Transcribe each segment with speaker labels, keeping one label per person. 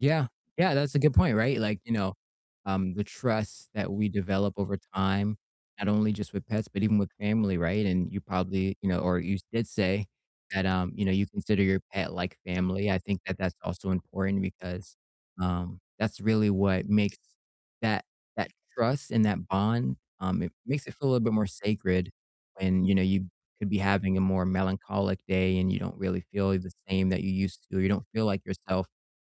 Speaker 1: Yeah, yeah, that's a good point, right, like, you know, um, the trust that we develop over time, not only just with pets, but even with family, right, and you probably, you know, or you did say, that, um, you know, you consider your pet like family, I think that that's also important because, um, that's really what makes that that trust and that bond, um, it makes it feel a little bit more sacred when, you know, you could be having a more melancholic day and you don't really feel the same that you used to, or you don't feel like yourself,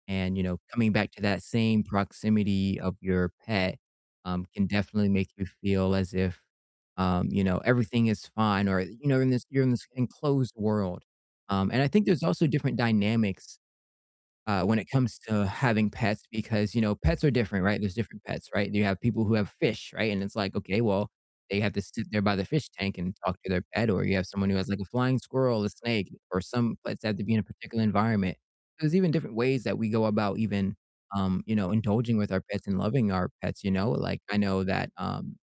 Speaker 1: and, you know, coming back to that same proximity of your pet, um, can definitely make you feel as if, um, you know, everything is fine or you know, in this you're in this enclosed world, um, and I think there's also different dynamics, uh, when it comes to having pets because, you know, pets are different, right? There's different pets, right? And you have people who have fish, right? And it's like, okay, well, they have to sit there by the fish tank and talk to their pet, or you have someone who has like a flying squirrel, a snake, or some pets have to be in a particular environment. There's even different ways that we go about even, um, you know, indulging with our pets and loving our pets, you know, like, I know that, um,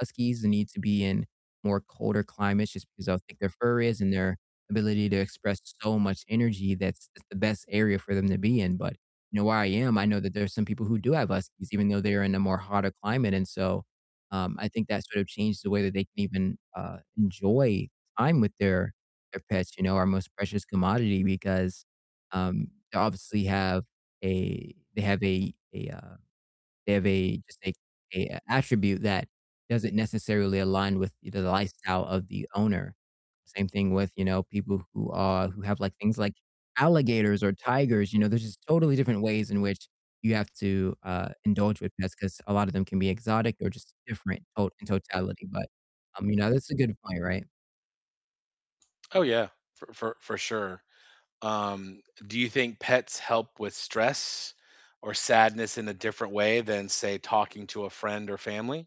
Speaker 1: huskies need to be in more colder climates just 'cause of how thick their fur is and their ability to express so much energy, that's that's the best area for them to be in, but, you know, where I am, I know that there are some people who do have huskies even though they're in a more hotter climate, and so, um, I think that sort of changed the way that they can even, uh, enjoy time with their their pets, you know, our most precious commodity because, um, they obviously have a they have a a uh, they have a just a a attribute that doesn't necessarily align with e the lifestyle of the owner. Same thing with, you know, people who, uh who have like things like alligators or tigers, you know, there's just totally different ways in which you have to, uh, indulge with pets 'cause a lotta them can be exotic or just different tot in totality, but, um, you know, that's a good point, right?
Speaker 2: Oh, yeah, for for for sure, um, d do you think pets help with stress or sadness in a different way than, say, talking to a friend or family?